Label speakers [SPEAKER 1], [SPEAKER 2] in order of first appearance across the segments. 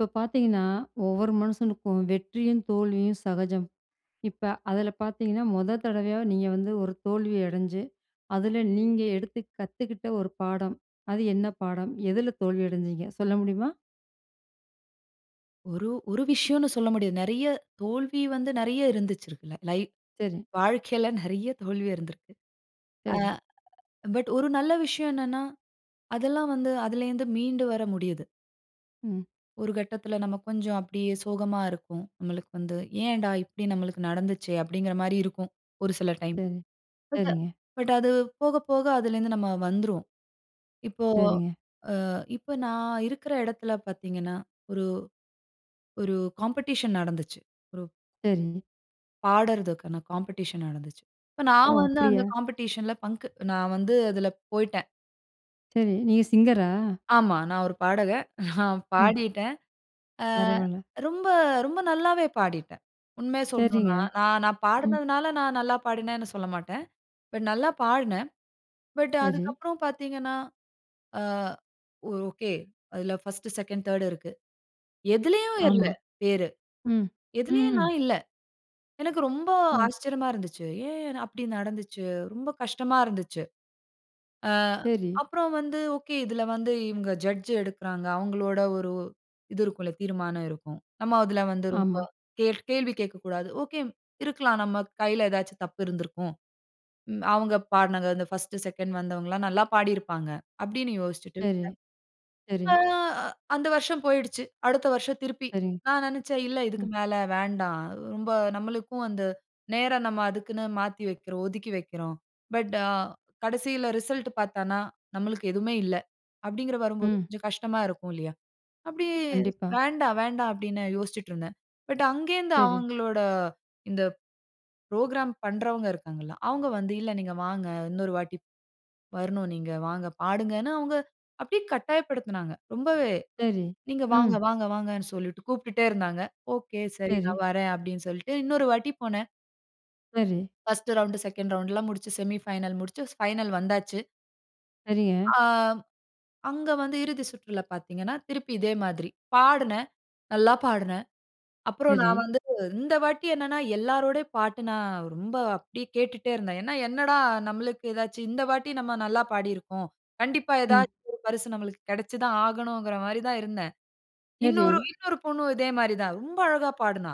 [SPEAKER 1] இப்ப பார்த்தீங்கனா, ஒவ்வொரு மனுசனுக்கும் வெற்றியும் தோல்வியும் சகஜம். இப்ப அதில பார்த்தீங்கனா. முதல் தடவையா நீங்க வந்து ஒரு தோல்வி அடைஞ்சு, அதில நீங்க எடுத்து கத்துக்கிட்ட ஒரு பாடம். அது என்ன பாடம்? எதுல தோல்வி அடைஞ்சீங்க? சொல்ல முடியுமா?
[SPEAKER 2] ஒரு ஒரு விஷயம்னு சொல்ல முடியாது. நிறைய, தோல்வி வந்து நிறைய இருந்திருக்கு லை.
[SPEAKER 1] சரி.
[SPEAKER 2] வாழ்க்கையில நிறைய தோல்வி இருந்திருக்கு. ஆ
[SPEAKER 1] சரி.
[SPEAKER 2] பட் ஒரு நல்ல விஷயம் என்னன்னா, அதெல்லாம் வந்து அதிலருந்து மீண்டு வர முடியிது.
[SPEAKER 1] ம்.
[SPEAKER 2] ஒரு கட்டத்தில நாம கொஞ்சம் அப்டியே சோகமா இருக்கும், நம்மளுக்கு வந்து. ஏன்டா, இப்டி நம்மளுக்கு நடந்துச்சே! அப்டிங்கிற மாரி இருக்கும். ஒரு சில டைம்.
[SPEAKER 1] சரி.
[SPEAKER 2] பட்,
[SPEAKER 1] சரிங்க.
[SPEAKER 2] பட் அது போக, போக அதுலேருந்து நம்ம வந்துருவோம். இப்போ
[SPEAKER 1] சரிங்க.
[SPEAKER 2] ஆ இப்ப நான் இருக்கிற இடத்தில பார்த்தீங்கன்னா, ஒரு, ஒரு காம்படிஷன் நடந்துச்சு. ஒரு
[SPEAKER 1] சரி.
[SPEAKER 2] பாடுறதுக்கான காம்படிஷன் நடந்துச்சு. இப்ப
[SPEAKER 1] ஓ!
[SPEAKER 2] நான் வந்து அந்த
[SPEAKER 1] அப்படியா.
[SPEAKER 2] காம்பிடிஷன்‌ல பங்க்கு நான் வந்து அதில போய்டேன்.
[SPEAKER 1] சரி. நீங்க சிங்கரா?
[SPEAKER 2] ஆமா. நான் ஒரு பாடக. நான்
[SPEAKER 1] ம்.
[SPEAKER 2] பாடிட்டேன். ஆ
[SPEAKER 1] பரவாயில்ல.
[SPEAKER 2] ரொம்ப, ரொம்ப நல்லாவே பாடிட்டேன். உண்மைய
[SPEAKER 1] சரிங்க.
[SPEAKER 2] சொல்லணுனா, நான், நான்
[SPEAKER 1] ம்.
[SPEAKER 2] பாடினதுனால நான் நல்லா பாடினேன்னு சொல்ல மாட்டேன். பட் நல்லா பாடினேன். பட்
[SPEAKER 1] சரி.
[SPEAKER 2] அதுக்கப்புறம் பார்த்தீங்கன்னா, ஆ ஒரு ஓகே. அதுல ஃபர்ஸ்ட்டு, செகண்ட், தேர்டு இருக்கு. எதிலேயும் வரல
[SPEAKER 1] ஆமா.
[SPEAKER 2] பேரு.
[SPEAKER 1] ம்.
[SPEAKER 2] எதிலேயும்
[SPEAKER 1] ம்.
[SPEAKER 2] நான் இல்ல. எனக்கு ரொம்ப
[SPEAKER 1] ஓ!
[SPEAKER 2] ஆச்சரியமா இருந்துச்சு. ஏன் அப்டி நடந்துச்சு. ரொம்ப கஷ்டமா இருந்துச்சு. ஆ.
[SPEAKER 1] சரி.
[SPEAKER 2] அப்புறம் வந்து ஓகே இதில வந்து இவங்க ஜட்ஜ் எடுக்குறாங்க, அவங்களோட ஒரு இது இருக்கும்ல, தீர்மானம் இருக்கும். நம்ம அதில வந்து ரொம்ப
[SPEAKER 1] ஆமா.
[SPEAKER 2] கே கேள்வி கேட்கக்கூடாது. ஓகே இருக்கலாம், நம்ம கையில ஏதாச்சும் தப்பு இருந்திருக்கும். ம் அவங்க பாடினங்க அந்த ஃபர்ஸ்ட்டு செகண்ட் வந்தவங்கலாம் நல்லா பாடியிருப்பாங்க. அப்டின்னு யோசிச்சுட்டு
[SPEAKER 1] சரி.
[SPEAKER 2] விட்டேன்.
[SPEAKER 1] சரி.
[SPEAKER 2] ஆ அந்த வருஷம் போயிடுச்சு. அடுத்த வருஷம் திருப்பி
[SPEAKER 1] சரிங்க.
[SPEAKER 2] நான் நினச்சேன் இல்ல,
[SPEAKER 1] ம்.
[SPEAKER 2] இதுக்கு மேல வேண்டாம். ரொம்ப நம்மளுக்கும் அந்த நேரம் நம்ம அதுக்குன்னு மாத்தி வைக்கிறோம். ஒதுக்கி வைக்கிறோம். பட் ஆ கடைசியில ரிசல்ட் பார்த்தான்னா நம்மளுக்கு எதுமே இல்ல. அப்டிங்கிற வரும்போது
[SPEAKER 1] ம்.
[SPEAKER 2] கொஞ்சம் கஷ்டமா இருக்கும் இல்லியா? அப்டி
[SPEAKER 1] கண்டிப்பா.
[SPEAKER 2] வேண்டாம், வேண்டாம் அப்டின்னு யோசிச்சுட்ருந்தேன். பட் அங்கேருந்து
[SPEAKER 1] சரி.
[SPEAKER 2] அவங்களோட இந்த ப்ரோகிராம் பண்ணுறவங்க இருக்காங்கல்ல, அவங்க வந்து, இல்ல நீங்க வாங்க, இன்னொரு வாட்டி வரணும் நீங்க வாங்க, பாடுங்கனு அவங்க அப்டியே கட்டாயப்படுத்துனாங்க. ரொம்பவே
[SPEAKER 1] சரி.
[SPEAKER 2] நீங்க வாங்க
[SPEAKER 1] ம்.
[SPEAKER 2] வாங்க வாங்கனு சொல்லிட்டு கூப்பிட்டுடே இருந்தாங்க. ஒகே சரி
[SPEAKER 1] சரி.
[SPEAKER 2] நான் வறேன் அப்டினு சொல்லிட்டு இன்னொரு வாட்டி போனேன்.
[SPEAKER 1] சரி.
[SPEAKER 2] 1ஸ்ட்டு ரவுண்டு, 2ண்டு ரவுண்டுலாம் முடிச்சு, செமி ஃபைனல் முடிச்சு ஃபைனல் வந்தாச்சு.
[SPEAKER 1] சரிங்க.
[SPEAKER 2] அ அங்க வந்து இறுதி சுற்றுல பார்த்தீங்கன்னா, திருப்பி இதே மாதிரி, பாடுனேன், நல்லா பாடுனேன். அப்புறம்,
[SPEAKER 1] சரி.
[SPEAKER 2] நான் வந்து இந்த வாட்டி என்னன்னா எல்லாரோடை பாட்டும், நான் ரொம்ப அப்படியே கேட்டுட்டே இருந்தேன். ஏன்னா, என்னடா நம்மளுக்கு ஏதாச்சு இந்த வாட்டி நம்ம நல்லா பாடிருக்கோம். கண்டிப்பா
[SPEAKER 1] ம்.
[SPEAKER 2] ஏதாச்சு ஒரு பரிசு நம்மளுக்கு கிடைச்சி தான் ஆகணுங்கிற மாதிரி தான் இருந்தேன்.
[SPEAKER 1] சரி.
[SPEAKER 2] இன்னொரு இன்னொரு பொண்ணும் இதே மாதிரி தான் ரொம்ப அழகா பாடுனா.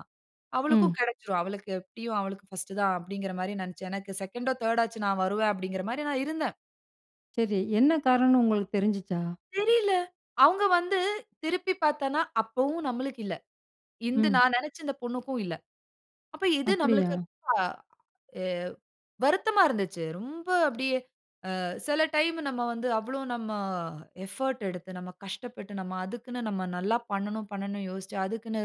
[SPEAKER 1] ம்.
[SPEAKER 2] "அவளுக்கும் கிடைச்சுடும். அவளுக்கு எப்படியும் அவளுக்கு ஃபர்ஸ்ட்டு தான் அப்பிடீங்கிற மாதிரி நினைச்சேன். எனக்கு 2ண்டோ, 3ர்டாச்சு நான் வருவேன்," அப்டீங்கிற மாரி நான் இருந்தேன்.
[SPEAKER 1] சரி, என்ன காரணம்னு உங்களுக்கு தெரிஞ்சுச்சா?
[SPEAKER 2] தெரியல. அவுங்க வந்து திருப்பி பார்த்தேன்னா, அப்பவும் நம்மளுக்கு இல்லை. இந்த
[SPEAKER 1] ம்.
[SPEAKER 2] நான் நினைச்ச இந்த பொண்ணுக்கும் இல்லை. அப்ப, இது நம்மளுக்கு
[SPEAKER 1] அப்பிடியா?
[SPEAKER 2] ரொம்ப எ வருத்தமா இருந்துச்சு. ரொம்ப அப்படியே அ சில டைம்மு, நம்ம வந்து அவ்வளோ நம்ம எஃபர்ட்டு எடுத்து, நம்ம கஷ்டப்பட்டு, நம்ம அதுக்குன்னு நம்ம நல்லா பண்ணணும், பண்ணணும்ன்னு யோசிச்சு, அதுக்குன்னு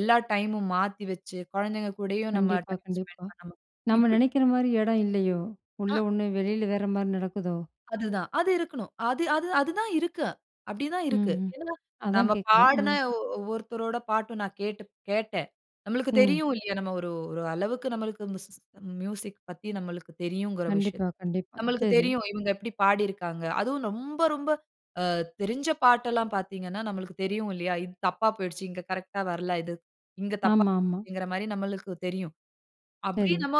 [SPEAKER 2] எல்லா டைம்‌மும் மாத்தி வச்சு, குழந்தைங்க கூடயும் நம்ம
[SPEAKER 1] கண்டிப்பா,
[SPEAKER 2] டைம் ஸ்பெண்ட்
[SPEAKER 1] கண்டிப்பா.
[SPEAKER 2] பண்ணணும்,
[SPEAKER 1] நம்ம
[SPEAKER 2] இப்டி.
[SPEAKER 1] நெனைக்கிற மாரி இடம் இல்லையோ? உள்ள
[SPEAKER 2] அ.
[SPEAKER 1] ஒண்ணு வெளில, வேற மாரி நடக்குதோ?
[SPEAKER 2] அதுதான். அது இருக்கணும். அது அது அதுதான் இருக்கு. அப்படி தான்
[SPEAKER 1] ம்,
[SPEAKER 2] இருக்கு.
[SPEAKER 1] ம்.
[SPEAKER 2] ஏன்னா, நம்ம
[SPEAKER 1] அதான் கேக்குறேன்.
[SPEAKER 2] பாடுன
[SPEAKER 1] ம்.
[SPEAKER 2] ஒ ஒவ்வொருத்தரோட பாட்டு, நான் கேட்டு கேட்டேன். நம்மளுக்கு
[SPEAKER 1] ம்.
[SPEAKER 2] தெரியும் இல்லையா? நம்ம ஒரு ஒரு அளவுக்கு, நம்மளுக்கு மிசிஸ் மியூசிக் பத்தி, நம்மளுக்கு தெரியுங்கிற
[SPEAKER 1] கண்டிப்பா,
[SPEAKER 2] விஷயத்த.
[SPEAKER 1] கண்டிப்பா.
[SPEAKER 2] நம்மளுக்கு
[SPEAKER 1] சரி.
[SPEAKER 2] தெரியும். இவங்க எப்படி பாடியிருக்காங்க? அதுவும் ரொம்ப ரொம்ப அ தெரிஞ்ச பாட்டெல்லாம் பார்த்தீங்கன்னா, நம்மளுக்கு தெரியும் இல்லையா? "இது தப்பா போயிடுச்சு. இங்க கரெக்ட்‌டா வரல. இது இங்க
[SPEAKER 1] ஆமா, ஆமா.
[SPEAKER 2] தப்பாகுதுங்கிற" மாதிரி நம்மளுக்கு தெரியும். அப்டி
[SPEAKER 1] சரி.
[SPEAKER 2] நம்ம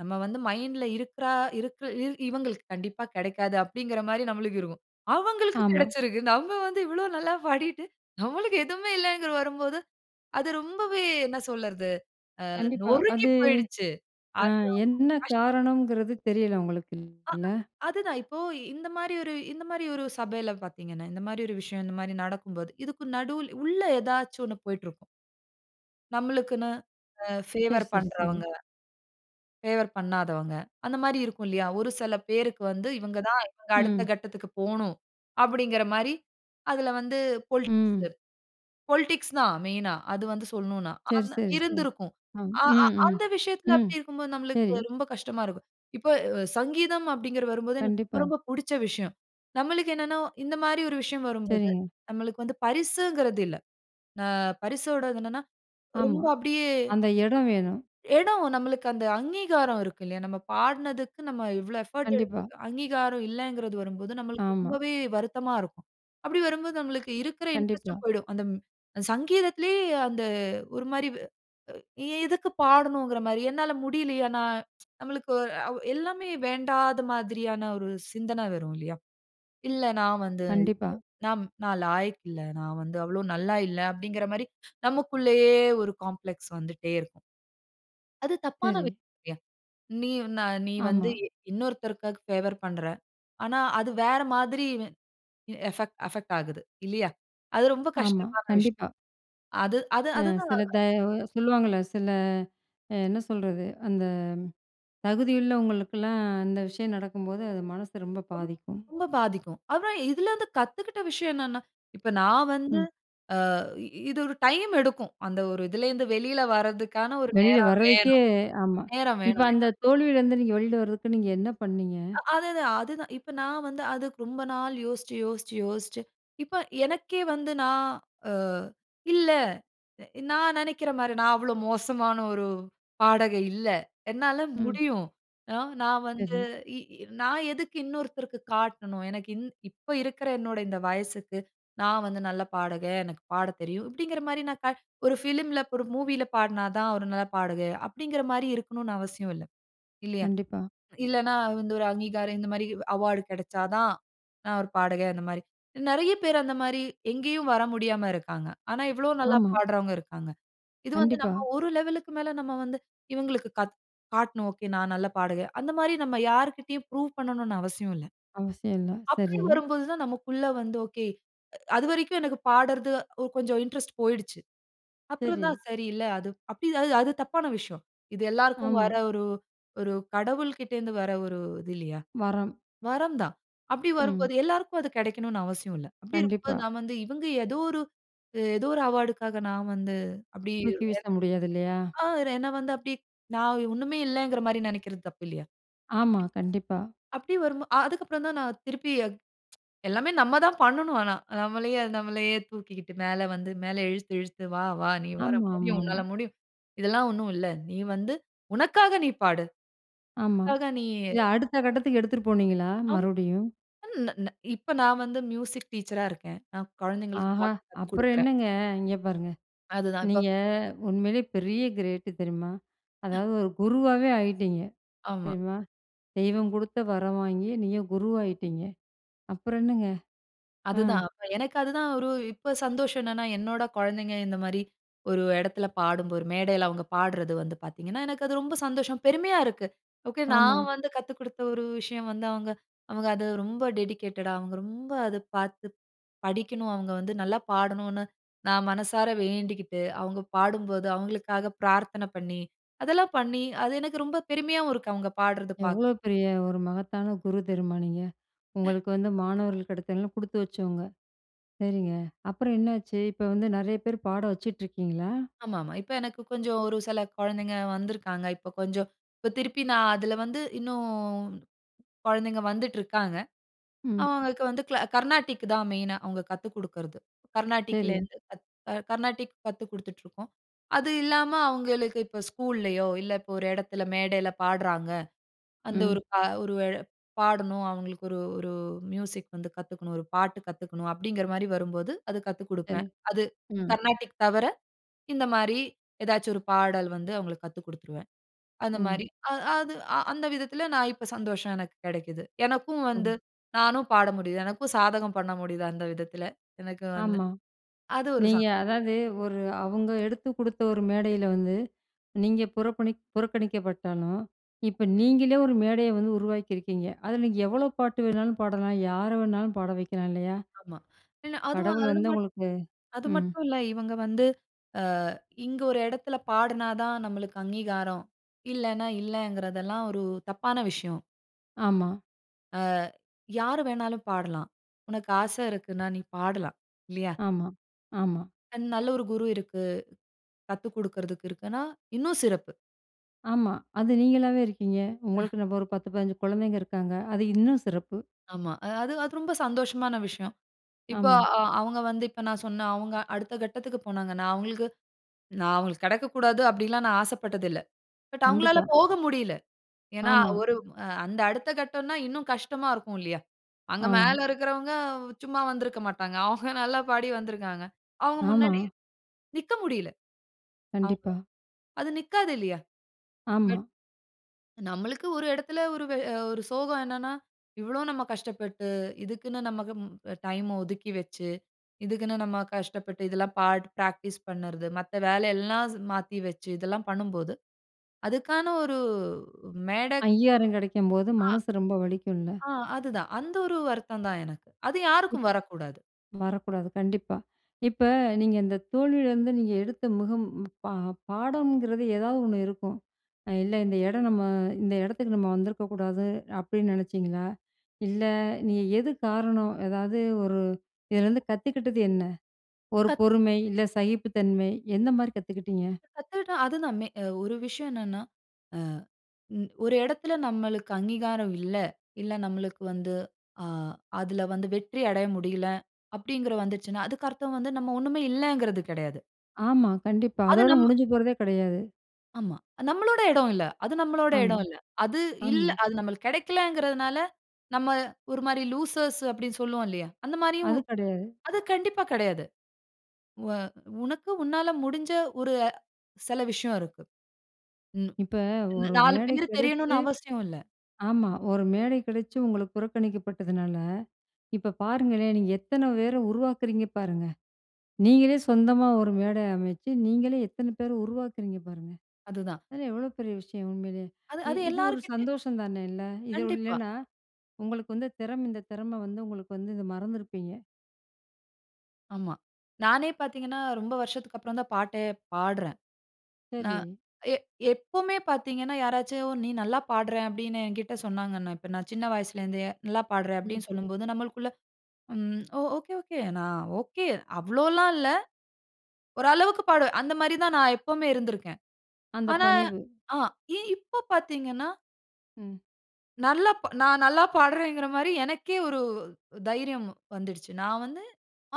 [SPEAKER 2] நம்ம வந்து மைண்ட்‌ல இருக்கிற இருக்க இ இவங்களுக்கு கண்டிப்பா கிடைக்காது, அப்பிடீங்கிற மாரி நம்மளுக்கு இருக்கும். அவங்களுக்கு
[SPEAKER 1] ஆமா.
[SPEAKER 2] கிடைச்சிருக்கு. நம்ம வந்து இவ்வளோ நல்லா பாடிட்டு, நம்மளுக்கு எதுவுமே இல்லைகிறது வரும்போது, அது ரொம்பவே என்ன சொல்லறது. ஆ
[SPEAKER 1] கண்டிப்பா.
[SPEAKER 2] நொறுங்கி
[SPEAKER 1] அது
[SPEAKER 2] போயிடுச்சு.
[SPEAKER 1] அ
[SPEAKER 2] அது்
[SPEAKER 1] என்ன
[SPEAKER 2] அவ்ளோ கஷ்டம்.
[SPEAKER 1] காரணம்ங்கிறது தெரியல உங்களுக்கு,
[SPEAKER 2] ஆ.
[SPEAKER 1] இல்ல.
[SPEAKER 2] அது தான். இப்போ இந்த மாரி ஒரு இந்த மாரி ஒரு சபையில பார்த்தீங்கன்னா, இந்த மாரி ஒரு விஷயம் இந்த மாரி நடக்கும் போது, இதுக்கு நடுல உள்ள ஏதாச்சும் ஒண்ணு போயிட்டு இருக்கும். நம்மளுக்குன்னு அ
[SPEAKER 1] சரி,
[SPEAKER 2] ஃபேவர்
[SPEAKER 1] சரி, சரி.
[SPEAKER 2] பண்றவங்க. ஃபேவர் பண்ணாதவங்க. அந்த மாரி இருக்கும் இல்லையா. ஒரு செல பேருக்கு வந்து, இவங்க தான், இவங்க அடுத்த
[SPEAKER 1] ம்.
[SPEAKER 2] கட்டத்துக்கு போணும். அப்பிடீங்கிற மாரி, அதில வந்து பொலிடிக்ஸ்
[SPEAKER 1] ம்.
[SPEAKER 2] பொலிடிக்ஸ் தான் மெயினா. அது வந்து சொல்லணும்னா,
[SPEAKER 1] சரி,
[SPEAKER 2] ஆனா
[SPEAKER 1] சரி, சரி.
[SPEAKER 2] இருந்திருக்கும்.
[SPEAKER 1] ஆ
[SPEAKER 2] அ அ
[SPEAKER 1] ம், ம்,
[SPEAKER 2] அந்த விஷயத்தில.
[SPEAKER 1] ம்,
[SPEAKER 2] அப்படி இருக்கும்போது
[SPEAKER 1] சரி.
[SPEAKER 2] நம்மளுக்கு ரொம்ப கஷ்டமா இருக்கும். இப்போ அ சங்கீதம் அப்பிடீங்கிற வரும்போது, எனக்கு ரொம்ப
[SPEAKER 1] கண்டிப்பா.
[SPEAKER 2] ரொம்ப புடிச்ச விஷயம். நம்மளுக்கு என்னென்னா, இந்த மாரி ஒரு விஷயம் வரும்போது,
[SPEAKER 1] சரிங்க.
[SPEAKER 2] நம்மளுக்கு வந்து பரிசுங்கிறது இல்ல. அ பரிசோடது என்னென்னா
[SPEAKER 1] ஆமா.
[SPEAKER 2] ரொம்ப அப்படியே
[SPEAKER 1] அந்த இடம் வேணும்.
[SPEAKER 2] இடம். நம்மளுக்கு அந்த அங்கீகாரம் இருக்கு இல்லையா? நம்ம பாடினதுக்கு, நம்ம இவ்வளோ எஃபோர்ட்
[SPEAKER 1] கண்டிப்பா.
[SPEAKER 2] எடுத்ததுக்கு அங்கீகாரம் இல்லைங்கிறது வரும்போது, நம்மளுக்கு
[SPEAKER 1] ஆமா.
[SPEAKER 2] ரொம்பவே வருத்தமா இருக்கும். அப்படி வரும்போது, நம்மளுக்கு இருக்கிற
[SPEAKER 1] கண்டிப்பா.
[SPEAKER 2] இன்ட்ரெஸ்டும் போயிடும், அந்த ம் சங்கீதத்திலயே அந்த ஒரு மாரி, எ எதுக்கு பாடணுங்கிற மாரி. என்னால முடியலியா? ந நம்மளுக்கு அ ஒ எல்லாமே வேண்டாத மாதிரியான ஒரு சிந்தன வரும், இல்லையா. "இல்ல, நான் வந்து
[SPEAKER 1] கண்டிப்பா.
[SPEAKER 2] நா நான் லாயக்கு இல்ல. நான் வந்து அவ்வளோ நல்லா இல்லை அப்பிடீங்கிற மாரி, நமக்குள்ளேயே ஒரு காம்ப்ளக்ஸ் வந்துட்டே இருக்கும். அது தப்பான
[SPEAKER 1] சரி.
[SPEAKER 2] விஷயமில்லியா. நீ நா நீ வந்து
[SPEAKER 1] ஆமா.
[SPEAKER 2] இ இன்னொருத்தருக்கா ஃபேவர் பண்ணுற. ஆனா அது வேறு மாரி எ எ ஃபெக்ட் அஃபெக்ட் ஆகுது இல்லையா? அது ரொம்ப
[SPEAKER 1] ஆமா,
[SPEAKER 2] கஷ்டமான விஷயம்.
[SPEAKER 1] கண்டிப்பா.
[SPEAKER 2] அது அது
[SPEAKER 1] அ
[SPEAKER 2] அதுதான்.
[SPEAKER 1] சில த அ சொல்லுவாங்கல்ல சில என்ன சொல்றது? அந்த தகுதியுள்ளவங்களுக்குல்லாம், அந்த விஷயம் நடக்கும்போது, அது மனசு ரொம்ப
[SPEAKER 2] ரொம்
[SPEAKER 1] பாதிக்கும்.
[SPEAKER 2] ரொம்ப பாதிக்கும். அப்புறம் இதிலருந்து கத்துக்கிட்ட விஷயம் என்னன்னா, இப்ப, நான் வந்து
[SPEAKER 1] ம்.
[SPEAKER 2] ஆ இது ஒரு டைம் எடுக்கும். அந்த ஒரு இதிலருந்து வெளில வரதுக்கான ஒரு
[SPEAKER 1] வெளில
[SPEAKER 2] நேரம்
[SPEAKER 1] வரதுக்கே
[SPEAKER 2] வேணும்
[SPEAKER 1] ஆமா.
[SPEAKER 2] நேரம்
[SPEAKER 1] இப்போ
[SPEAKER 2] வேணும்,
[SPEAKER 1] அந்த
[SPEAKER 2] இல்லையா?
[SPEAKER 1] தோல்வில இருந்து, நீங்க வெளில வரதுக்கு, நீங்க என்ன பண்ணீங்க?
[SPEAKER 2] அ அதுதான் அதுதான். இப்ப, நான் வந்து அதுக்கு, ரொம்ப நாள் யோசிச்சு யோசிச்சு யோசிச்சு, இப்ப, எனக்கே வந்து நான் அ "இல்லை. நான் நெனைக்கிற மாரி, நான் அவ்வளோ மோசமான ஒரு பாடகி இல்ல. என்னால
[SPEAKER 1] ம்.
[SPEAKER 2] முடியும். அ நான் வந்து
[SPEAKER 1] சரி.
[SPEAKER 2] இ இ நான் எதுக்கு இன்னொருத்தருக்கு காட்டணும். எனக்கு இன் இப்போ இருக்கிற என்னோட இந்த வயசுக்கு, நான் வந்து நல்ல பாடகன். எனக்கு பாடத் தெரியும்." அப்படிங்கிற மாரி, நான் ஒரு ஃபிலிம்ல மூவில பாடினா தான், ஒரு நல்ல பாடகையா, அப்பிடீங்கிற மாரி இருக்கணும்னு அவசியம் இல்லை. இல்லையா?
[SPEAKER 1] கண்டிப்பா.
[SPEAKER 2] இல்லைன்னா வந்து ஒரு அங்கீகாரம் இந்த மாதிரி அவார்ட் கிடைச்சா தான், நான் ஒரு பாடகன், அந்த மாரி. நெறைய பேரு, அந்த மாரி, எங்கேயும் வர முடியாம இருக்கிறாங்க. ஆனா, எவ்வளவோ நல்லா
[SPEAKER 1] ஆமா.
[SPEAKER 2] பாடுறவங்க இருக்காங்க. இது வந்து
[SPEAKER 1] கண்டிப்பா.
[SPEAKER 2] நம்ம ஒரு லெவல்‌க்கு மேல, நம்ம வந்து இவங்களுக்கு கா காட்டணும். "ஓகே நான் நல்லா பாடகி" அந்த மாரி நம்ம யார்கிட்டேயும் ப்ரூவ் பண்ணணும்னு அவசியம் இல்லை.
[SPEAKER 1] அவசியம் இல்ல.
[SPEAKER 2] அப்படி
[SPEAKER 1] சரி.
[SPEAKER 2] வரும்போது தான் நமக்குள்ள வந்து ஓகே. அ அதுவரைக்கும் எனக்கு பாடுறது, ஒரு அ கொஞ்சம் இன்ட்ரெஸ்ட் போயிடுச்சு. அப்புறம்
[SPEAKER 1] சரி.
[SPEAKER 2] தான், 'சரி, இல்ல அது அப்டி, அது அது தப்பான விஷயம். இது எல்லோருக்கும் வர
[SPEAKER 1] ஆமா.
[SPEAKER 2] ஒரு, ஒரு கடவுள் கிட்ட இருந்து வர ஒரு இது இல்லையா?
[SPEAKER 1] வரம்.
[SPEAKER 2] வரம் தான்.' அப்படி
[SPEAKER 1] ம்.
[SPEAKER 2] வரும்போது, எல்லோருக்கும் அது கிடைக்கணும்னு அவசியம் இல்ல. அப்படி இருக்கும் போது
[SPEAKER 1] கண்டிப்பா.
[SPEAKER 2] நான் வந்து இவங்க ஏதோ ஒரு ஏதோ ஒரு அவார்டுக்காக நான் வந்து அப்படி
[SPEAKER 1] தூக்கி வீச முடியாது, இல்லையா?
[SPEAKER 2] [unintelligible] ஆ என்னை வந்து அப்படி, நான் ஒண்ணுமே இல்லங்கிற மாரி நினைக்கிறது, தப்பு இல்லையா. அப்டி.
[SPEAKER 1] ஆமா, கண்டிப்பா.
[SPEAKER 2] அப்படி வரும்போ, அ அதற்கு அப்புறம் தான் நான் திருப்பி, எல்லாமே நம்ம தான் பண்ணணும். ஆனா நம்மளையே நம்மளையே தூக்கிக்கிட்டு, மேல வந்து மேல இழுத்து இழுத்து "வா வா நீ வர முடியும்.
[SPEAKER 1] ஆமாமாமா.
[SPEAKER 2] உன்னால் முடியும். இதெல்லாம் ஒண்ணும் இல்ல. நீ வந்து உனக்காக நீ பாடு.
[SPEAKER 1] ஆமா.
[SPEAKER 2] உனக்காக நீ."
[SPEAKER 1] இது அடுத்த கட்டத்துக்கு எடுத்துட்டு போனீங்களா,
[SPEAKER 2] ஆமா
[SPEAKER 1] மறுபடியும்?
[SPEAKER 2] அ ந ந இப்போ நான் வந்து மியூசிக் டீச்சரா இருக்கேன். நான் குழந்தைகளுக்கு
[SPEAKER 1] ஆஹா!
[SPEAKER 2] பாட்டு கத்துக்
[SPEAKER 1] அப்புறம்
[SPEAKER 2] குடுக்கிறேன்.
[SPEAKER 1] என்னங்க. இங்க பாருங்க
[SPEAKER 2] அதுதான் இப்போ
[SPEAKER 1] நீங்க உண்மைலயே பெரிய கிரேட்டு, தெரியுமா?
[SPEAKER 2] அ
[SPEAKER 1] அதாவது, ஒரு குருவாவே ஆகிட்டீங்க,
[SPEAKER 2] ஆமா.
[SPEAKER 1] தெரியுமா? தெய்வம் குடுத்த வரம் வாங்கி, நீங்க குருவாயிட்டீங்க. அப்புறம் என்னங்க. ஆ.
[SPEAKER 2] அதுதான் அப்ப எனக்கு அதுதான். ஒரு இப்போ சந்தோஷம் என்னன்னா, என்னோட குழந்தைங்க, இந்த மாரி ஒரு இடத்தில பாடும்போது ஒரு மேடைல அவங்க பாடுறது வந்து பார்த்தீங்கன்னா, எனக்கு அது ரொம்ப சந்தோஷம். பெருமையா இருக்கு. ஓகே,
[SPEAKER 1] ஆமா.
[SPEAKER 2] நான் வந்து கத்து குடுத்த ஒரு விஷயம் வந்து, அவங்க அவங்க அதை ரொம்ப டெடிகேட்டடா, அவங்க ரொம்ப அதை பார்த்து படிக்கணும். அவங்க வந்து நல்லா பாடணும்னு நான் மனசார வேண்டிக்கிட்டு, அவங்க பாடும்போது அவங்களுக்காக பிரார்த்தனை பண்ணி, அதெல்லாம் பண்ணி, அது எனக்கு ரொம்ப பெருமையாகவும் இருக்கு, அவங்க பாடுறது பாக்
[SPEAKER 1] எவ்வளோ பெரிய ஒரு மகத்தான குரு தெரியுமா, நீங்க?
[SPEAKER 2] அ
[SPEAKER 1] உங்களுக்கு வந்து மாணவர்களா கிடைத்தவங்கல்லா குடுத்து வச்சவங்க. சரிங்க, அப்புறம் என்னாச்சு, இப்போ வந்து நெறைய பேரு பாட வச்சுட்ருக்கீங்களா?
[SPEAKER 2] ஆமாமா. இப்ப எனக்கு கொஞ்சம் ஒரு சில குழந்தைங்க வந்துருக்காங்க. இப்போ கொஞ்சம் இப்போ திருப்பி நான் அதுல வந்து இன்னும் குழந்தைங்க வந்துட்ருக்காங்க.
[SPEAKER 1] ம்.
[SPEAKER 2] அவுங்களுக்கு வந்து க்ளா கர்நாடிக் தான் மெயினா. அவுங்க கத்து குடுக்குறது.
[SPEAKER 1] சரி.
[SPEAKER 2] கர்நாடிக்லேருந்து கர்நாடிக் கத்துக் குடுத்துட்ருக்கோம். அது இல்லாம அவங்களுக்கு இப்ப ஸ்கூல்லயோ, இல்ல, இப்ப ஒரு இடத்தில, மேடைல பாடுறாங்க அந்த
[SPEAKER 1] ம்.
[SPEAKER 2] ஒரு ஒரு பாடணும், அவங்களுக்கு ஒரு ஒரு மியூசிக் வந்து கத்துக்கணும், ஒரு பாட்டு கத்துக்கணும் அப்படீங்கிற மாரி வரும்போது, அது கத்துக்
[SPEAKER 1] சரி,
[SPEAKER 2] குடுப்பேன். அது
[SPEAKER 1] ம்.
[SPEAKER 2] கர்நாடிக் தவிர இந்த மாரி ஏதாச்சு ஒரு பாடல் வந்து அவங்களுக்கு கத்துக் குடுத்துருவேன். அந்த
[SPEAKER 1] ம்.
[SPEAKER 2] மாரி அ அது அந்த விதத்தில நான் இப்போ சந்தோஷம் எனக்கு கிடைக்கிது. எனக்கும் வந்து
[SPEAKER 1] ம்.
[SPEAKER 2] நானும் பாட முடியுது. எனக்கும் சாதகம் பண்ண முடியுது. அந்த விதத்தில எனக்கு வந்து
[SPEAKER 1] ஆமா.
[SPEAKER 2] அது ஒரு
[SPEAKER 1] நீங்க
[SPEAKER 2] சந்.
[SPEAKER 1] அதாவது ஒரு அவுங்க எடுத்து குடுத்த ஒரு மேடைல வந்து, நீங்க புறபணிக் புறக்கணிக்கப்பட்டாலும், இப்ப நீங்களே ஒரு மேடைய வந்து உருவாக்கி இருக்கீங்க. அதுல நீங்க எவ்வளவு பாட்டு வேணாலும் பாடலாம், யாரை வேண்டுமானாலும் பாட வைக்கலாம், இல்லையா?
[SPEAKER 2] ஆமா. ஏன்னா அதுவும்
[SPEAKER 1] கடவுள்
[SPEAKER 2] அது
[SPEAKER 1] வந்து
[SPEAKER 2] மட்
[SPEAKER 1] உங்களுக்கு
[SPEAKER 2] அது
[SPEAKER 1] ம்.
[SPEAKER 2] மட்டும் இல்லை இவங்க வந்து அ இங்க ஒரு இடத்தில பாடுனா தான் நமக்கு அங்கீகாரம். இல்லேன்னா இல்லன்கிறது எல்லாம் ஒரு தப்பான விஷயம்.
[SPEAKER 1] ஆமா.
[SPEAKER 2] ஆ, யாரு வேணாலும் பாடலாம். உனக்கு ஆசை இருக்குனா, நீ பாடலாம். இல்லையா?
[SPEAKER 1] ஆமா, ஆமா.
[SPEAKER 2] அன், நல்ல ஒரு குரு இருக்கு, கத்து கொடுக்கறதுக்கு இருக்குன்னா, இன்னும் சிறப்பு.
[SPEAKER 1] ஆமா. அது நீங்களாவே இருக்கீங்க.
[SPEAKER 2] அ.
[SPEAKER 1] உங்களுக்குன்னு ஒரு 10, 15 குழந்தைங்க இருக்காங்க. அது இன்னும் சிறப்பு!
[SPEAKER 2] ஆமா, அது அது ரொம்ப சந்தோஷமான விஷயம். இப்ப
[SPEAKER 1] ஆமா.
[SPEAKER 2] அ அவுங்க வந்து இப்ப நான் சொன்ன, அவுங்க அடுத்த கட்டத்துக்கு போனாங்கனா, அவுங்களுக்கு. நான் அவுங்களுக்கு கிடைக்கக்கூடாது அப்படிலாம் நான் ஆசைப்பட்டதில்ல. பட், அவுங்களால
[SPEAKER 1] கண்டிப்பா.
[SPEAKER 2] போக முடியல. ஏனா,
[SPEAKER 1] ஆமா.
[SPEAKER 2] ஒரு அந்த அடுத்த கட்டம்னா இன்னும் கஷ்டமா இருக்கும்லையா? அங்க
[SPEAKER 1] ஆமா.
[SPEAKER 2] மேல இருக்கிறவங்க சும்மா வந்திருக்க மாட்டாங்க. அவுங்க நல்ல பாடி வந்துருக்காங்க. அவுங்க
[SPEAKER 1] ஆமா.
[SPEAKER 2] முன்னாடி நிக்க முடியல, அவுங்க.
[SPEAKER 1] கண்டிப்பா.
[SPEAKER 2] அது நிற்காது இல்லையா. பட்
[SPEAKER 1] ஆமா.
[SPEAKER 2] நம்மளுக்கு ஒரு இடத்தில ஒரு வே அ ஒரு சோகம் என்னனா, இவ்ளோ நம்ம கஷ்டப்பட்டு இதுக்குன்னு நம்ம கும் டைம் அ ஒதுக்கி வச்சு, இதுக்குன்னு நம்ம கஷ்டப்பட்டு, இதெல்லாம் பாட் பிராக்டிஸ் பண்ணுறது, மத்த வேலை எல்லாம் ஸ் மாத்தி வச்சு இதெல்லாம் பண்ணும்போது அதுக்கான ஒரு ஊ மேடை
[SPEAKER 1] 5000 கிடைக்கும்போது
[SPEAKER 2] ஆ.
[SPEAKER 1] மனசு ரொம்ப வலிக்கும்ல.
[SPEAKER 2] ஆ, அது தான். அந்த ஒரு வருத்தம் தான் எனக்கு. அது
[SPEAKER 1] ப்
[SPEAKER 2] யாருக்கும் வரக்கூடாது.
[SPEAKER 1] வரக்கூடாது, கண்டிப்பா. இப்ப நீங்க இந்த தோல்வியிலேருந்து நீங்க எடுத்த முகம் பா பாடங்கிறது ஏதாவது ஒண்ணு இருக்கும். இல்ல இந்த இடம் நம்ம இந்த இடத்துக்கு நம்ம வந்திருக்க கூடாது அப்படின்னு நினைச்சிங்களா? இல்ல, நீ எது காரணம் ஏதாவது ஒரு இதுலேருந்து கத்துக்கிட்டது என்ன? ஒரு
[SPEAKER 2] கத்
[SPEAKER 1] பொறுமை, இல்ல சகிப்பு தன்மை எந்த மாதிரி கத்துக்கிட்டிங்க?
[SPEAKER 2] கத்துகிட்டா அது நம் மே அ ஒரு விஷயம் என்னனா, ஆ ம் ஒரு இடத்தில நம்மளுக்கு அங்கீகாரம் இல்ல. இல்ல நம்மளுக்கு வந்து ஆ அதில வந்து வெற்றி அடைய முடியலை அப்படிங்கற வந்துருச்சுனா, அதுக்கு அர்த்தம் வந்து நம்ம ஒன்னுமே இல்லங்கறது கிடையாது.
[SPEAKER 1] ஆமா, கண்டிப்பா.
[SPEAKER 2] அது
[SPEAKER 1] அதோட
[SPEAKER 2] நம்
[SPEAKER 1] முடிஞ்சு போறதே கெடையாது.
[SPEAKER 2] ஆமா. நம்மளோட இடம் இல்ல. அது நம்மளோட
[SPEAKER 1] ஆமா.
[SPEAKER 2] இடம் இல்ல. அது இல்ல,
[SPEAKER 1] ஆமா.
[SPEAKER 2] அது நம்மளுக்கு கெடைக்கலைங்கிறதனால நம்ம ஒரு மாரி "லூசர்ஸ்" அப்படின்னு சொல்லுவோம்ல்லயா, அந்த மாரியும்.
[SPEAKER 1] அது கெடையாது.
[SPEAKER 2] அது கண்டிப்பா கெடையாது. வ உனக்கு உன்னால முடிஞ்ச ஒரு சில விஷயம் இருக்கு. ம்.
[SPEAKER 1] இப்ப ஒரு
[SPEAKER 2] 4
[SPEAKER 1] மேடை
[SPEAKER 2] பேரு
[SPEAKER 1] கெடைச்சு.
[SPEAKER 2] தெரியணும்னு அவசியம் இல்ல.
[SPEAKER 1] ஆமா. ஒரு மேடை கெடைச்சு உங்களுக்கு புறக்கணிக்கப்பட்டதுனால, இப்ப பாருங்களேன், நீங்க எத்தனை பேரை உருவாக்குறீங்க பாருங்க. நீங்களே சொந்தமா ஒரு மேடை அமைச்சு, நீங்களே எத்தனை பேரை உருவாக்குறீங்க பாருங்க.
[SPEAKER 2] அதுதான்.
[SPEAKER 1] அதெல்லாம் எவ்வளோ பெரிய விஷயம் உண்மையிலே.
[SPEAKER 2] அது,
[SPEAKER 1] இ
[SPEAKER 2] அது
[SPEAKER 1] இது ஒரு
[SPEAKER 2] எல்லார்க்கிட்டயும்.
[SPEAKER 1] சந்தோஷம் தானே? இல்ல. இது உ
[SPEAKER 2] கண்டிப்பா.
[SPEAKER 1] இல்லன்னா உங்களுக்கு வந்து திறம் இந்த திறமை வந்து உங்களுக்கு வந்து இத மறந்துருப்பீங்க.
[SPEAKER 2] ஆமா. நானே பாத்தீங்கன்னா, ரொம்ப வருஷத்துக்கப்பறம் தான் பாட்டே பாடுறேன். நான்
[SPEAKER 1] சரி.
[SPEAKER 2] எ எப்பவுமே பாத்தீங்கன்னா, யாராச்சு "நீ நல்லா பாடுற" அப்படின்னு என்கிட்ட சொன்னாங்கன்னா, இப்ப நான் சின்ன வயசிலேருந்தே "நல்லா பாடுற"
[SPEAKER 1] ம்.
[SPEAKER 2] அப்படின்னு சொல்லும்போது, நம்மளுக்குள்ள "ம். ஓ! Okay, okay. நான் ஒகே. அவ்வளோல்லாம் இல்ல. ஒரு அளவுக்கு பாடுவேன்." அந்த மாரி தான் நான் எப்பவுமே இருந்துருக்கேன்.
[SPEAKER 1] அந்த
[SPEAKER 2] ஆனா,
[SPEAKER 1] பணிவு.
[SPEAKER 2] ஆ இ இப்ப பாத்தீங்கன்னா
[SPEAKER 1] ம்.
[SPEAKER 2] நல்லா ப் நான் நல்லா பாடுறேங்கற மாரி எனக்கே ஒரு தைரியம் வந்துடுச்சு. நான் வந்து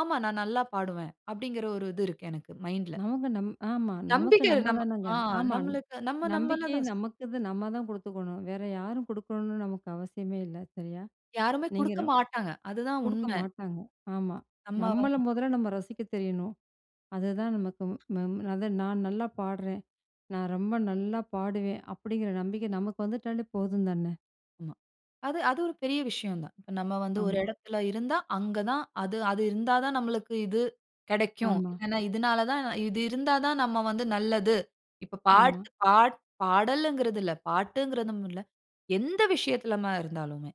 [SPEAKER 2] ஆமா. நான் நல்லா பாடுவேன் அப்படிங்கற ஒரு இது இருக்கு எனக்கும் மைண்ட்‌ல.
[SPEAKER 1] நமக்கு நம்ம ஆமா நமக்கு
[SPEAKER 2] நம்பிக்கை
[SPEAKER 1] நம்ம
[SPEAKER 2] நம்ம
[SPEAKER 1] தானங்க.
[SPEAKER 2] ஆ
[SPEAKER 1] ஆமா.
[SPEAKER 2] நம்மளுக்கு நம்ம, நம்மள
[SPEAKER 1] நம்பிக்கையே
[SPEAKER 2] தான் சார்.
[SPEAKER 1] நமக்கு நம்ம தான் குடுத்துக்கணும். வேற யாரும் குடுக்கணும்னு நமக்கு அவசியமே இல்ல. சரியா.
[SPEAKER 2] யாருமே
[SPEAKER 1] நீங்க
[SPEAKER 2] குடுக்க
[SPEAKER 1] ரொம்
[SPEAKER 2] மாட்டாங்க. அதுதான்
[SPEAKER 1] குடுக்க
[SPEAKER 2] உண்ம.
[SPEAKER 1] மாட்டாங்க. ஆமா
[SPEAKER 2] அம்மாவ.
[SPEAKER 1] நம்மள மொதல்ல நம்ம ரசிக்கத் தெரியணும். அதுதான் நமக்கு ம் ம அத நான் நல்லா பாடுறேன், நான் ரொம்ப நல்லா பாடுவேன், அப்படிங்கற நம்பிக்க நமக்கு வந்துட்டாலே போதும் தானே.
[SPEAKER 2] ஆமா. அது அது ஒரு பெரிய விஷயம் தான். இப்ப நம்ம வந்து ஒரு
[SPEAKER 1] ஆமா.
[SPEAKER 2] இடத்தில இருந்தா அங்க தான் அது அது இருந்தா தான் நம்மளுக்கு இது கிடைக்கும்.
[SPEAKER 1] ஆமா.
[SPEAKER 2] இல்லைனா இதனால தான் இது இருந்தா தான் நம்ம வந்து நல்லது. இப்ப பாட்டு
[SPEAKER 1] ஆமா.
[SPEAKER 2] பாட் பாடல்ங்கறது இல்ல பாட்டுங்கறதும் இல்ல. எந்த விஷயத்திலமா இருந்தாலுமே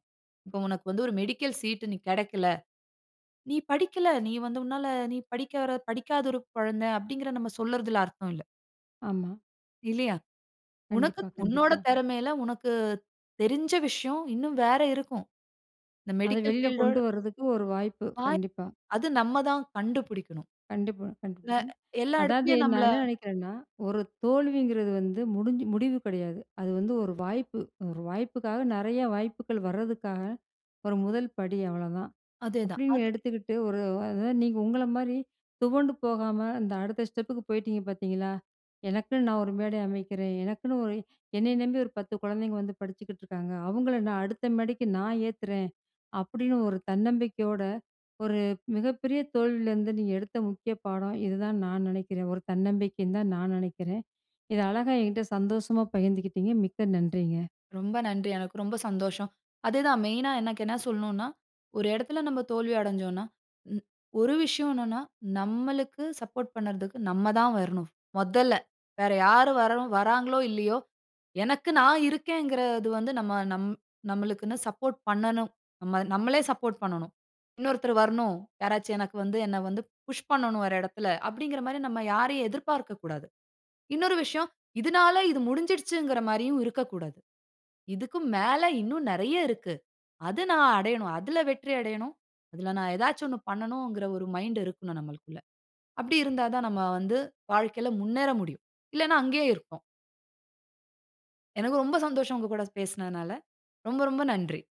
[SPEAKER 2] இப்போ உனக்கு வந்து ஒரு மெடிக்கல் சீட் நீ கிடைக்கல. நீ படிக்கல, நீ வந்து உன்னால நீ படிக்காத படிக்காத ஒரு குழந்தை அப்படிங்கறத நம்ம சொல்லறதில அர்த்தம் இல்ல.
[SPEAKER 1] ஆமா.
[SPEAKER 2] இல்லையா? உனக்கு
[SPEAKER 1] கண்டிப்பா,
[SPEAKER 2] த் உன்னோட
[SPEAKER 1] கண்டிப்பா.
[SPEAKER 2] திறமையில உனக்கு தெரிஞ்ச விஷயம் இன்னும் வேற இருக்கும். இந்த
[SPEAKER 1] அத
[SPEAKER 2] மெடிக்கல்
[SPEAKER 1] வெளில
[SPEAKER 2] ஃபீல்ட்டோட
[SPEAKER 1] கொண்டு வரதுக்கு 1 வாய்ப்பு.
[SPEAKER 2] பா
[SPEAKER 1] கண்டிப்பா.
[SPEAKER 2] அது நம்ம தான் கண்டுபிடிக்கனும்.
[SPEAKER 1] கண்டிப்பா.
[SPEAKER 2] அ
[SPEAKER 1] கண்டிபிடிக்கணும்.
[SPEAKER 2] எல்லா
[SPEAKER 1] அதாவது
[SPEAKER 2] இடத்திலயும் நம்மள
[SPEAKER 1] நான் என்ன நினைக்கிறேன்னா 1 தோல்விங்கிறது வந்து முடிஞ்சு முடிவு கிடையாது. அது வந்து 1 வாய்ப்பு 1 வாய்ப்புக்காக நெறைய வாய்ப்புகள் வரதுக்காக ஒரு 1 படி அவ்வளோதான்,
[SPEAKER 2] அதேதான்.
[SPEAKER 1] அப்படின்னு
[SPEAKER 2] அது.
[SPEAKER 1] எடுத்துக்கிட்டு ஒரு அதாவது நீங்க உங்கள மாரி துவண்டு போகாம இந்த அடுத்த ஸ்டெப்புக்கு போயிட்டிங்க பார்த்தீங்களா, எனக்குன்னு நான் ஒரு மேடை அமைக்கிறேன். எனக்குன்னு ஒரு, என்னைய நம்பி ஒரு 10 குழந்தைங்க வந்து படிச்சுக்கிட்டுருக்காங்க. அவங்கள நான் அடுத்த மேடைக்கு நான் ஏத்துறேன் அப்படின்னு ஒரு தன்னம்பிக்கையோட 1 மிகப்பெரிய தோல்வியிலருந்து நீங்க எடுத்த முக்கிய பாடம் இதுதான் நான் நினைக்கிறேன். ஒரு தன்னம்பிக்கைன்னு தான் நான் நினைக்கிறேன். இத அழகா என்கிட்ட சந்தோஷமா பகிர்ந்துகிட்டிங்க. மிக்க நன்றிங்க.
[SPEAKER 2] ரொம்ப நன்றி. எனக்கு ரொம்ப சந்தோஷம். அது தான் மெயின்‌னா எனக்கு என்ன சொல்லனும்னா, ஒரு இடத்தில நம்ம தோல்வி அடஞ்சோன்னா ம். ஒரு விஷயம் என்னன்னா நம்மளுக்கு சப்போர்ட் பண்ணறதுக்கு நம்ம தான் வரணும் மொதல்ல. வேற யாரும் வர வராங்களோ இல்லையோ எனக்கு நான் இருக்கேங்கறது வந்து நம்ம நம் நம்மளுக்குன்னு சப்போர்ட் பண்ணணும். நம்ம நம்மளே சப்போர்ட் பண்ணணும். இன்னொருத்தரு வரணும், யாராச்சு எனக்கு வந்து என்ன வந்து புஷ் பண்ணணும் ஒரு இடத்தில அப்படிங்கற மாரி நம்ம யாரையும் எதிர்பார்க்க கூடாது. இன்னொரு விஷயம் இதனால இது முடிஞ்சிடுச்சிங்கற மாரியும் இருக்கக்கூடாது. இதுக்கு மேல இன்னும் நிறைய இருக்கு. அது நான் அடையனும் அதில வெற்றி அடையனும். அதில நான் ஏதாச்சு ஒண்ணு பண்ணணுங்கற ஒரு மைண்ட் இருக்கணும் நம்மளுக்குள்ள. அப்படி இருந்தா தான் நம்ம வந்து வாழ்க்கையில முன்னேற முடியும். இல்லைனா அங்கயே இருப்போம். எனக்கு ரொம்ப சந்தோஷம் உங்க கூட பேசினதுனால ரொம்ப, ரொம்ப நன்றி.